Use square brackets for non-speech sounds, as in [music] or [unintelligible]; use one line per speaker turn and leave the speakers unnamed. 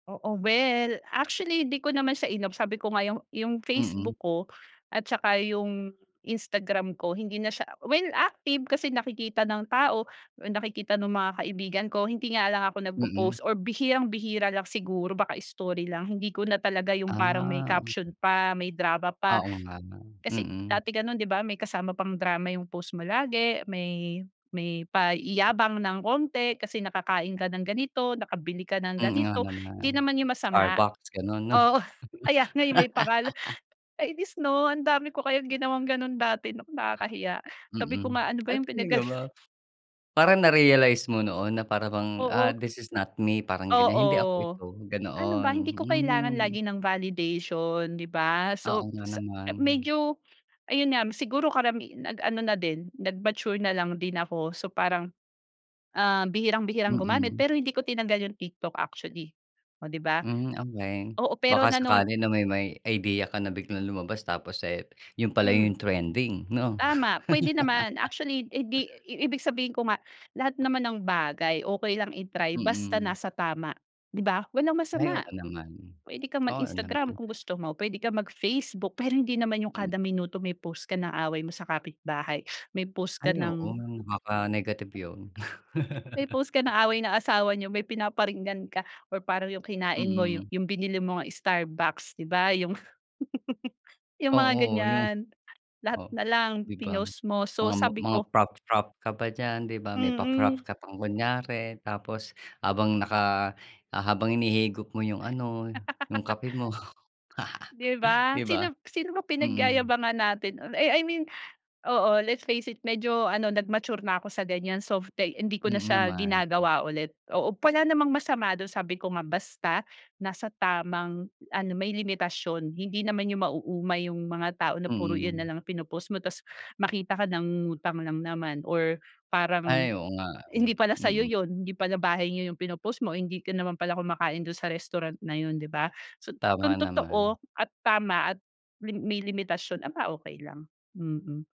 Oo. Well, actually hindi ko naman siya in-off sabi ko nga yung, yung
Mm.
Facebook ko, at saka yung Instagram ko hindi na siya well active kasi nakikita ng tao, nakikita nung mga kaibigan ko. Hindi nga lang ako
Mm.
nagpopost or bihirang bihira lang siguro baka story lang. Hindi ko na talaga yung parang may
Ah.
caption pa, may drama pa.
Oo nga no,
Kasi
mm.
dati gano'n 'di ba? May kasama pang drama yung post mo lagi, may may paiyabang ng konti, kasi nakakain ka ng ganito, nakabili ka ng
Hmm, nga
ganito. Hindi
naman,
naman yung masama
Starbucks ganun 'no?
oo kaya nga, eh, may pangalan,
[laughs]
kainis 'no? Ang dami ko kayang ginawang ganun dati, naku nakakahiya sabi ko
Mm.
nga, "Ano ba
Ay
yung
talaga
pinagaga"
ba? Parang na-realize mo noon na para bang, ah,
Oo.
"This is not me", parang gan'yan, "Hindi ako
Oo.
ito",
Ano ba
ganoon,
hindi ko kailangan
hmm.
lagi ng validation, 'di ba?
Oo
So,
nga
sa ah,
naman.
medyo ayun nga m siguro karami nag ano na din nag mature na lang din ako. So, parang, ah, bihirang bihirang gumamit
Mm.
pero hindi ko tinangal yung TikTok actually, oh, 'di ba?
Mhm, okey
Oo pero
baka
nanon
sakali na may may idea ka na biglang lumabas tapos, eh, yun pala yung
Hmm.
trending no?
Tama p'wede naman
[laughs]
actually hindi i ibig sabihin ko nga, lahat naman ng bagay okey lang i-try basta
Mm.
nasa tama, 'di ba? Walang
Ay
masama,
oo naman.
puwede kang
Oo
mag-Instagram
naman.
kung gusto mo p'wede kang mag Facebook. Pero hindi naman yung
M
kada minuto may post ka ng away mo sa kapitbahay, may post ka
Ay oo,
ng
baka negative yun.
May
[laughs]
post ka ng away na asawa nyo may pinaparinggan ka or parang yung kinain mo,
Mm.
yung binili mong Starbucks, 'di ba? Yung, [laughs] Yung mga
Oo yung,
gan'yan. Lahat
oh,
nalang
'di ba?
pinost mo. So,
Mga
sabi
mga
ko
frappe, frappe ka ba diyan, di ba? May pa-frappe
Mm.
ka pang kunyari, tapos habang naka, ah, habang hinihigop mo yung ano, yung
[laughs]
kape mo. [laughs] Di ba? Mm.
'Di ba? Sino b sino ba pinagyayabangan natin, on I I mean, oo let's face it medyo ano nag mature na ako sa gan'yan. So, [unintelligible] hindi ko na
Mm,
siya
naman.
ginagawa ulit. Oo, wala namang masama dun sabi ko nga basta nasa tamang ano may limitasyon. Hindi naman yung mauumay yung mga tao na puro iyan
Mm.
nalang pinopost mo, tapos makita ka nangungutang lang naman, or parang
Ay oo nga, eh,
hindi pala sa'yo
mm.
yun. Hindi pala bahay nyo yung pinopost mo, hindi ka naman pala kumakain dun sa restaurant na yun, 'di ba? So,
Tama
kung totoo
naman.
at tama at li may limitasyon, aba okey lang, mm.